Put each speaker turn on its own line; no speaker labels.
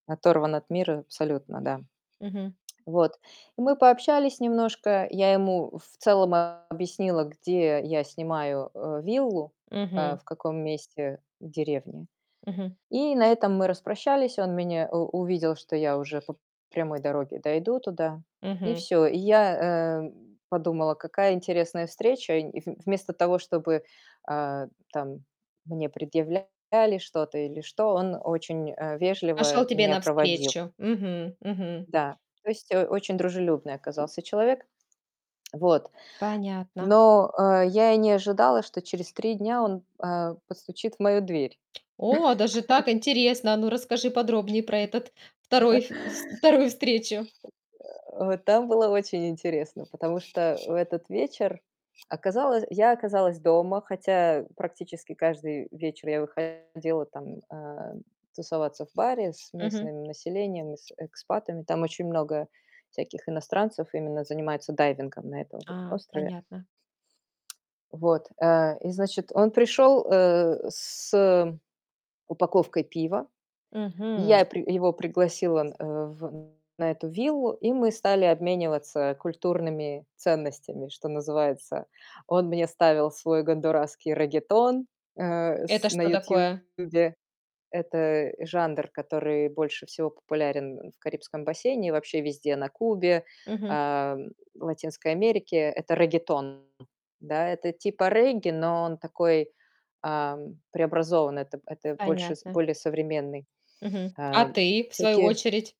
Оторван от мира абсолютно, да.
Мгм.
Вот. И мы пообщались немножко. Я ему в целом объяснила, где я снимаю, э, виллу, э,
Мгм.
в каком месте в деревне.
Мгм.
И на этом мы распрощались. Он меня у увидел, что я уже по прямой дороге дойду туда, и
Мгм.
всё. И я, э, подумала: "Какая интересная встреча". И в вместо того, чтобы, а, там, мне предъявляли что-то или что, он очень, э,
Пошел
вежливо
тебе
меня проводил.
навстречу. Мгм мгм.
Да. То есть, э, очень дружелюбный оказался человек. Вот.
Понятно.
Но, э, я и не ожидала, что через 3 дня он, э, постучит в мою дверь.
О, даже так интересно! Ну, расскажи подробнее про этот 2, ф с 2 встречу.
Э, там было очень интересно, потому что в этот вечер оказалось я оказалась дома, хотя практически каждый вечер я выходила, там, э, тусоваться в баре с
Мгм.
местным населением и с экспатами. Там очень много всяких иностранцев именно занимаются дайвингом на этом вот
А,
острове.
понятно.
Вот. Э, и, значит, он пришел, э, с упаковкой пива. Я
Мгм.
при его пригласила, э, в на эту виллу, и мы стали обмениваться культурными ценностями, что называется. Он мне ставил свой гондурасский реггетон, э, с
Это
на
что такое?
"Ютубе". Это жанр, который больше всего популярен в Карибском бассейне и вообще везде на Кубе,
Мгм.
а, в Латинской Америке. Это реггетон, да? Это типа регги, но он такой, ам, преобразованный. Это это больше
Понятно.
более современный.
Мгм.
Э,
А ты, в свою
всякие
очередь?